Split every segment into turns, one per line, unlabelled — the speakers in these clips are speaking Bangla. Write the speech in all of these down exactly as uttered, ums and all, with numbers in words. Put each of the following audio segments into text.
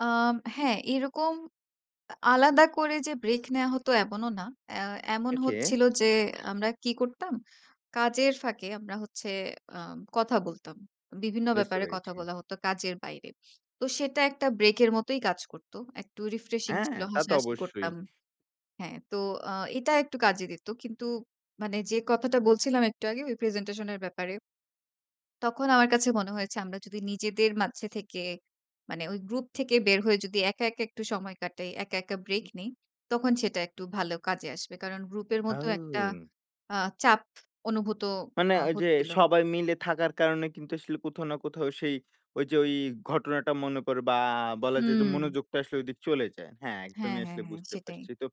অ্যাম হ্যাঁ, এরকম এ আলাদা করে যে ব্রেক নেয়া হতো এমনও না। এহ এমন
ওকে।
হচ্ছিল যে আমরা কি করতাম? কাজের ফাঁকে আমরা হচ্ছে, আ কথা বলতাম। বিভিন্ন
বুঝতে
ব্যাপারে কথা
পেরেছি।
বলা হতো কাজের বাইরে। তো সেটা একটা ব্রেকের মতোই কাজ করতো। একটু রিফ্রেশিং
হ্যাঁ,
ছিল।
তা তো
হাসাহাসি
অবশ্যই।
করতাম। হ্যাঁ, তো অ্যা এটা একটু কাজে দিত। কিন্তু, মানে যে কথাটা বলছিলাম একটু আগে, ওই প্রেজেন্টেশন এর ব্যাপারে। তখন আমার কাছে মনে হয়েছে আমরা যদি নিজেদের মাঝে থেকে, মানে ওই গ্রুপ থেকে বের হয়ে যদি একা, একা একটু সময় কাটাই, একা, একা ব্রেক নেই। তখন সেটা একটু ভালো কাজে আসবে। কারণ গ্রুপের মধ্যেও একটা
আও!
অ্যা চাপ অনুভূত
মানে
হা
ওইযে
হচ্ছিল।
সবাই মিলে থাকার কারণে কিন্তু আসলে কোথাও না কোথাও, সেই ওইযে ওই ঘটনাটা মনে কর বা বলা যায় যে
হুম।
মনোযোগটা আসলে ওইদিকে চলে যায়। হ্যাঁ,
হ্যাঁ,
একদমই
হ্যাঁ,
আসলে
হ্যাঁ।
বুঝতে
সেটাই।
পারছি তো।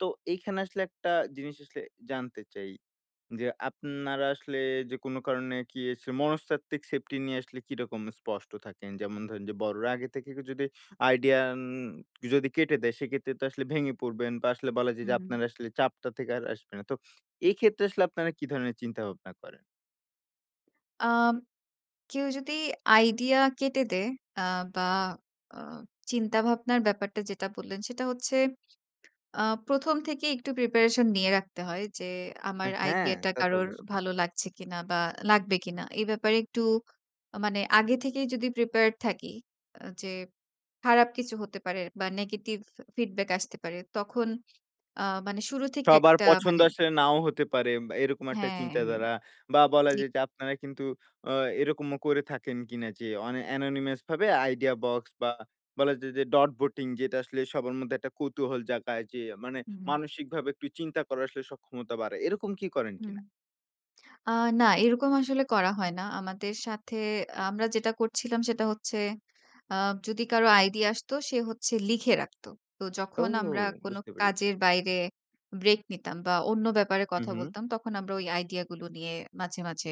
তো এইখানে আসলে একটা জিনিস আসলে জানতে চাই। যে, আপনারা আসলে যে কোন কারণে কি এছ মনস্তাত্ত্বিক সেফটি নিয়ে আসলে কিরকম স্পষ্ট থাকেন? যেমন ধরেন যে বড়রা আগে থেকে যদি আইডিয়া, অ্যান যদি কেটে দেয়, সেক্ষেত্রে তো আসলে ভেঙে পড়বেন, বা আসলে বলা যায় যে
হুম।
আপনারা আসলে চাপটা থেকে আর আসবে না। তো এক্ষেত্রে আসলে আপনারা কি ধরনের চিন্তা ভাবনা করেন?
কেউ যদি আইডিয়া কেটে দেয় অ্যা বা অ্যা চিন্তাভাবনার ব্যাপারটা যেটা বললেন সেটা হচ্ছে, অ্যা প্রথম থেকেই একটু প্রিপারেশন নিয়ে রাখতে হয় যে আমার
আহ হ্যাঁ,
আইডিয়াটা
তা তো
কারোর
অবশ্যই।
ভালো লাগছে কিনা বা লাগবে কিনা। এ ব্যাপারে একটু, মানে আগে থেকেই যদি প্রিপেয়ার্ড থাকি, আ যে খারাপ কিছু হতে পারে বা নেগেটিভ ফি ফিডব্যাক আসতে পারে, তখন অ্যা মানে শুরু থেকে
সবার
একটা
পছন্দ
মানে
আসলে নাও হতে পারে এম এরকম একটা
হ্যাঁ, হ্যাঁ।
চিন্তাধারা। বা বলা
জি।
যায় যে আপনারা কিন্তু অ্যা এরকমও করে থাকেন কিনা যে, অনি এনোনিমাস ভাবে আইডিয়া বক্স বা বলা যায় যে ডট ভোটিং যেটা আসলে সবার মধ্যে একটা কৌতূহল জাগায়। যে মানে
হুম, হুম।
মানসিকভাবে একটু চিন্তা করার আসলে সক্ষমতা বাড়ায়। এরকম কি করেন
হুম।
কিনা?
অ্যা না এরকম আসলে করা হয় না। আমাদের সাথে আমরা যেটা করছিলাম সেটা হচ্ছে, অ্যা যদি কারো আইডিয়া আসতো সে হচ্ছে লিখে রাখত। তো
ও!
যখন আমরা কোন
বুঝতে পেরেছি।
কাজের বাইরে ব্রেক নিতাম বা অন্য ব্যাপারে
হুম,
কথা
হুম।
বলতাম তখন আমরা ওই আইডিয়াগুলো নিয়ে মাঝে, মাঝে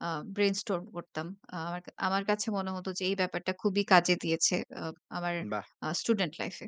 অ্যা ব্রেইনস্টর্ম করতাম। আমা আমার কাছে মনে হত যে এই ব্যাপারটা খুবই কাজে দিয়েছে, অ্যা আমার
বাহ!
অ্যা স্টুডেন্ট লাইফে।